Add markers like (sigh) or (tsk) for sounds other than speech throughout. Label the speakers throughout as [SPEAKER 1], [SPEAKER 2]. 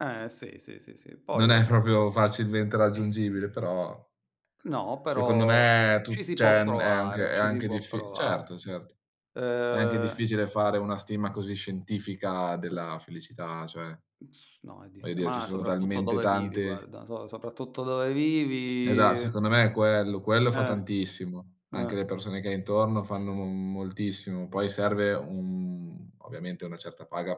[SPEAKER 1] Eh sì, sì, sì, sì. Poi
[SPEAKER 2] Non
[SPEAKER 1] va
[SPEAKER 2] è
[SPEAKER 1] bene
[SPEAKER 2] proprio facilmente raggiungibile, però
[SPEAKER 1] No,
[SPEAKER 2] secondo
[SPEAKER 1] però
[SPEAKER 2] me è
[SPEAKER 1] ci
[SPEAKER 2] tu
[SPEAKER 1] si può
[SPEAKER 2] cioè n è anche
[SPEAKER 1] provare,
[SPEAKER 2] è
[SPEAKER 1] ci si
[SPEAKER 2] anche
[SPEAKER 1] può
[SPEAKER 2] diffi certo,
[SPEAKER 1] provare.
[SPEAKER 2] certo. È anche
[SPEAKER 1] Ehm
[SPEAKER 2] difficile fare una stima così scientifica
[SPEAKER 1] Sì.
[SPEAKER 2] della felicità, cioè
[SPEAKER 1] Mh s no, è
[SPEAKER 2] voglio
[SPEAKER 1] diffi
[SPEAKER 2] dire ci
[SPEAKER 1] mah,
[SPEAKER 2] sono
[SPEAKER 1] soprattutto
[SPEAKER 2] talmente
[SPEAKER 1] dove vivi,
[SPEAKER 2] tante
[SPEAKER 1] guarda. So soprattutto dove
[SPEAKER 2] Esa
[SPEAKER 1] vivi
[SPEAKER 2] secondo me è quello, quello fa
[SPEAKER 1] Eh.
[SPEAKER 2] tantissimo. Anche le
[SPEAKER 1] Eh.
[SPEAKER 2] persone che hai intorno fanno m moltissimo. Poi serve un ovviamente una certa paga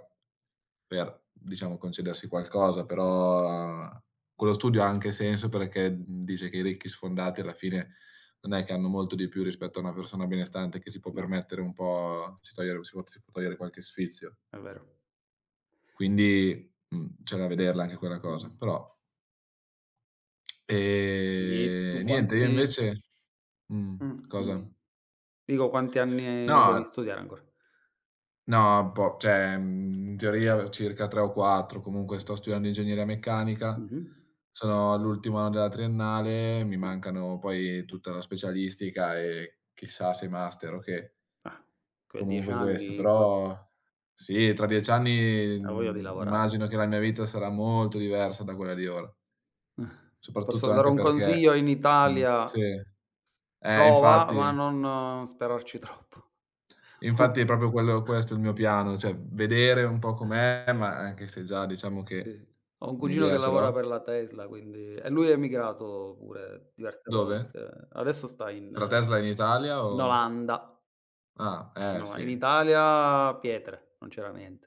[SPEAKER 2] per, diciamo, concedersi qualcosa.
[SPEAKER 1] Eh.
[SPEAKER 2] Però quello studio ha anche senso perché, mhmm, dice che i ricchi sfondati alla fine non è che hanno molto di più rispetto a una persona benestante che si può
[SPEAKER 1] No.
[SPEAKER 2] permettere un po' si togliere si può si può togliere qualche sfizio.
[SPEAKER 1] È vero.
[SPEAKER 2] Quindi, mhmm, c'è da vederla anche quella cosa, però (tsk)
[SPEAKER 1] Di tu
[SPEAKER 2] Ehm, niente, io
[SPEAKER 1] quanti
[SPEAKER 2] invece mhmm,
[SPEAKER 1] Mh,
[SPEAKER 2] cosa?
[SPEAKER 1] dimmi. Dico, quanti anni
[SPEAKER 2] No è
[SPEAKER 1] devi studiare ancora?
[SPEAKER 2] No, è un po' cioè, mhmm, in teoria circa 3 o 4, comunque sto studiando ingegneria meccanica,
[SPEAKER 1] Mh-mh.
[SPEAKER 2] sono all'ultimo anno della triennale, mi
[SPEAKER 1] Ah.
[SPEAKER 2] mancano poi tutta la specialistica e chissà se master o che.
[SPEAKER 1] Ah. Quei 10
[SPEAKER 2] Comunque questo.
[SPEAKER 1] anni, qua
[SPEAKER 2] Però sì, tra 10 anni,
[SPEAKER 1] Avoglia di
[SPEAKER 2] mhmm,
[SPEAKER 1] lavorare.
[SPEAKER 2] immagino che la mia vita sarà molto diversa da quella di ora.
[SPEAKER 1] (chuckles) Posso
[SPEAKER 2] Soprattutto
[SPEAKER 1] dare
[SPEAKER 2] anche
[SPEAKER 1] un
[SPEAKER 2] perché
[SPEAKER 1] consiglio? In
[SPEAKER 2] mhmm,
[SPEAKER 1] Italia
[SPEAKER 2] sì.
[SPEAKER 1] s
[SPEAKER 2] Eh,
[SPEAKER 1] prova, ma
[SPEAKER 2] infatti.
[SPEAKER 1] non sperarci troppo.
[SPEAKER 2] Infatti è
[SPEAKER 1] O
[SPEAKER 2] proprio quello questo il mio piano, cioè vedere un po'
[SPEAKER 1] (chuckles)
[SPEAKER 2] com'è, ma anche se già diciamo che
[SPEAKER 1] Sì. Ho un cugino che
[SPEAKER 2] un'idea ce
[SPEAKER 1] lavora
[SPEAKER 2] l'ho.
[SPEAKER 1] per la Tesla, quindi e lui è emigrato pure, diverse
[SPEAKER 2] Dove?
[SPEAKER 1] volte. Adesso sta in
[SPEAKER 2] Per la Tesla in Italia
[SPEAKER 1] in
[SPEAKER 2] o
[SPEAKER 1] Olanda.
[SPEAKER 2] Ah, eh
[SPEAKER 1] No, in
[SPEAKER 2] sì.
[SPEAKER 1] Italia pietre, non c'era niente.